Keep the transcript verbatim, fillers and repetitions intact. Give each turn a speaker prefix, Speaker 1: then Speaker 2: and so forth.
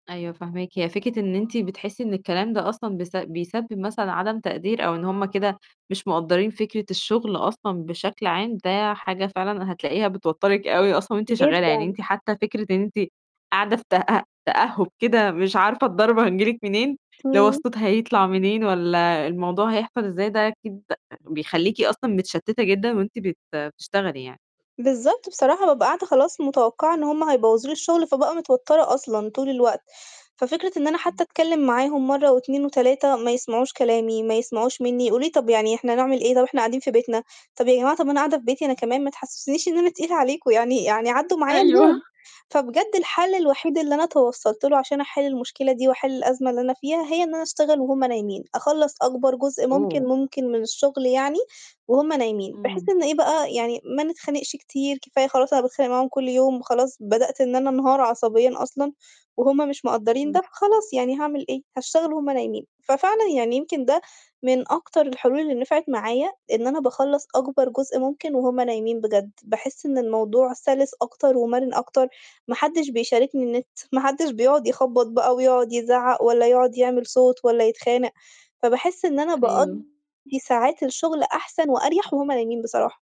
Speaker 1: أيوه فاهماكِ، هي فكرة إن أنتِ بتحسّي إن الكلام ده أصلًا بس بيسبب مثلًا عدم تقدير أو إن هُم كده مش مقدّرين فكرة الشغل أصلًا بشكل عام، ده حاجة فعلًا هتلاقيها بتوترِك أوي أصلًا وأنتِ شغالة، يعني
Speaker 2: جدًا.
Speaker 1: أنتِ حتّى فكرة إن أنتِ قاعدة في تأ تأهب كده مش عارفة الضربة هتيجي لِك منين، لو
Speaker 2: إمم.
Speaker 1: الصوت هيطلع منين والّا الموضوع هيحصل إزاي ده أكيد بيخلّيكِ أصلًا متشتتة جدًا، وأنتِ بت بتشتغلي يعني.
Speaker 2: بالضبط بصراحة بابقى قاعدة خلاص متوقعة إن هُم هيبوظوا لي الشغل فبابقى متوترة أصلًا طول الوقت، ففكرة إن أنا
Speaker 1: إمم.
Speaker 2: حتّى أتكلّم معاهم مَرّة واتنين وتلاتة ما يسمعوش كلامي ما يسمعوش مني، يقولوا لي: "طب يعني إحنا هنعمل إيه طب إحنا قاعدين في بيتنا،" طب يا جماعة طب أنا قاعدة في بيتي أنا كمان ما تحسّسونيش إن أنا تقيلة عليكم يعني يعني عدّوا معايا اليوم،
Speaker 1: أيوه.
Speaker 2: فبجد الحل الوحيد اللي أنا توصلت له عشان أحل المشكلة دي وأحل الأزمة اللي أنا فيها هي إن أنا أشتغل وهُم نايمين أخلَّص أكبر جزء ممكن
Speaker 1: أوه.
Speaker 2: ممكن من الشغل يعني، وهُم نايمين، بحيث
Speaker 1: إمم.
Speaker 2: إن إيه بقى يعني ما نتخانقش كتير كفاية خلاص أنا باتخانق معاهم كلّ يوم، وخلاص بدأت إن أنا انهار عصبيًا أصلًا، وهُم مش مقدّرين
Speaker 1: إمم.
Speaker 2: ده فخلاص يعني هاعمل إيه، هاشتغل وهُم نايمين، ففعلًا يعني يمكن ده من أكتر الحلول اللي نفعت معايا إن أنا باخلَّص أكبر جزء ممكن وهُم نايمين بجد، باحس إن الموضوع سلس أكتر ومرن أكتر، ما حدش بيشاركني النت ما حدش بيقعد يخبّط بقى ويقعد يزعّق والّا يقعد يعمل صوت والّا يتخانق، فباحس إن أنا باقضّي
Speaker 1: أيوه.
Speaker 2: ساعات الشغل أحسن وأريح وهُم نايمين بصراحة.